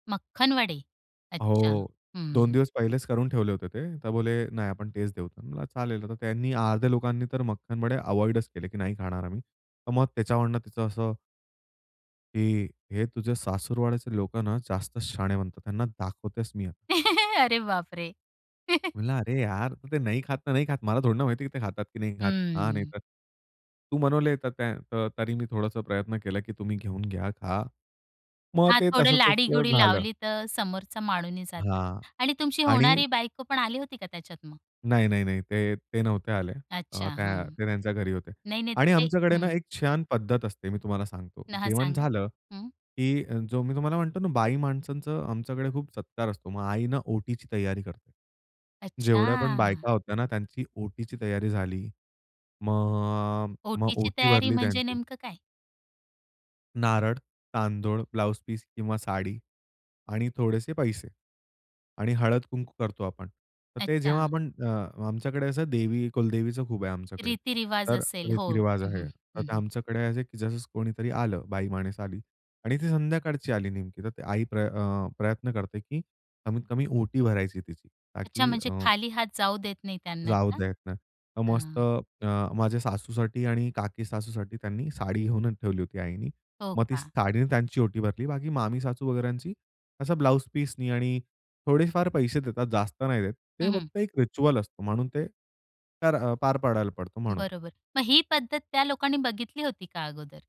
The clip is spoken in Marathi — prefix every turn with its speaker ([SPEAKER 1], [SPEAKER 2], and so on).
[SPEAKER 1] मक्खनवडे. अच्छा.
[SPEAKER 2] हो, 2
[SPEAKER 1] हं.
[SPEAKER 2] दिवस पहिलेच करून ठेवले होते ते. तर बोले, "नाही आपण तेच देऊ" म्हणलं चालेल, आता त्यांनी अर्ध्या लोकांनी तर मक्खनवडे अव्हॉइडच केले, "की नाही खाणार आम्ही", तर मग त्याच्यावरून तिचं असं ."की हे तुझे सासुरवाडीचे लोक ना जास्त शहाणे बनतात, त्यांना दाखवतेच मी आता".
[SPEAKER 1] अरे बापरे!
[SPEAKER 2] म्हंटलं, "अरे यार! ते नाही खात, तर नाही खात. मला थोडी ना माहिती आहे की ते खातात की नाही खात, हा नाही
[SPEAKER 1] हं.
[SPEAKER 2] तर." तू बनवले तर त्या तरी मी थोडासा प्रयत्न केला की तुम्ही घेऊन घ्या खा. मग
[SPEAKER 1] हां,
[SPEAKER 2] ते
[SPEAKER 1] थोडं
[SPEAKER 2] तसं-तसं
[SPEAKER 1] लाडी-गुडी
[SPEAKER 2] झालं.
[SPEAKER 1] लावली तर समोरचा मानूनही जातो.
[SPEAKER 2] हां
[SPEAKER 1] आणि तुमची
[SPEAKER 2] आणि
[SPEAKER 1] होणारी बायको पण आली होती का त्याच्यात मग?
[SPEAKER 2] नाही, नाही, नाही, ते, ते नव्हते आले.
[SPEAKER 1] अच्छा,
[SPEAKER 2] अ, त्या
[SPEAKER 1] हं.
[SPEAKER 2] ते त्यांच्या घरी होते.
[SPEAKER 1] नाही-नाही तर
[SPEAKER 2] आणि
[SPEAKER 1] ते
[SPEAKER 2] आमच्याकडे ना
[SPEAKER 1] हं.
[SPEAKER 2] एक छान पद्धत असते, मी तुम्हाला सांगतो,
[SPEAKER 1] ना हां.
[SPEAKER 2] जेवण
[SPEAKER 1] सांगा.
[SPEAKER 2] झालं
[SPEAKER 1] हं.
[SPEAKER 2] की जो मी तुम्हाला म्हणतो ना बाई माणसांच आमच्याकडे खूप सत्कार असतो. मग आई ना ओटीची तयारी करते. जेवढ्या पण
[SPEAKER 1] अच्छा.
[SPEAKER 2] बायका होत्या ना, त्यांची ओटीची तयारी झाली. मग, मग
[SPEAKER 1] ओटीची
[SPEAKER 2] ओटी
[SPEAKER 1] तयारी
[SPEAKER 2] भरली
[SPEAKER 1] म्हणजे
[SPEAKER 2] त्यांची.
[SPEAKER 1] नेमकं काय?
[SPEAKER 2] नारळ, तांदूळ, ब्लाउज पीस किंवा साडी आणि थोडेसे पैसे आणि हळद-कुंकू करतो आपण. तर ते जेव्हा
[SPEAKER 1] अच्छा.
[SPEAKER 2] आपण अ, आमच्याकडे असं देवी, कुलदेवीचं खूप आहे आमच्याकडे,
[SPEAKER 1] रीती-रिवाज
[SPEAKER 2] तर
[SPEAKER 1] असेल, हो.
[SPEAKER 2] रीती-रिवाज
[SPEAKER 1] हं,
[SPEAKER 2] आहे.
[SPEAKER 1] हं,
[SPEAKER 2] तर
[SPEAKER 1] हं,
[SPEAKER 2] ते
[SPEAKER 1] हं.
[SPEAKER 2] आमच्याकडे असं आहे की जसं कोणीतरी आलं, बाईमाणूस आली आणि ती संध्याकाळची आली नेमकी, तर आई प्र अ, प्रयत्न करते की कमीत कमी ओटी भरायची तिची
[SPEAKER 1] अच्छा,
[SPEAKER 2] ताकी
[SPEAKER 1] म्हणजे
[SPEAKER 2] अ
[SPEAKER 1] खाली हात जाऊ देत नाही त्यांना
[SPEAKER 2] जाऊ
[SPEAKER 1] का?
[SPEAKER 2] देत नाही. तर
[SPEAKER 1] अ
[SPEAKER 2] मस्त अ, माझ्या सासूसाठी आणि काकी-सासूसाठी त्यांनी साडी घेऊनच ठेवली होती आईनी,
[SPEAKER 1] हो
[SPEAKER 2] मग ती
[SPEAKER 1] का?
[SPEAKER 2] साडीने त्यांची ओटी भरली. बाकी मामी-सासू वगेरची असं ब्लाउज पीसनी आणि थोडेफार पैसे देतात जास्त नाही देत. ते
[SPEAKER 1] हं, हं.
[SPEAKER 2] फक्त एक रिच्युअल असतो म्हणून ते, तर अ, पार पाडायला पडतो म्हणून.
[SPEAKER 1] बरोबर. मग ही पद्धत त्या लोकांनी बघितली होती का अगोदर?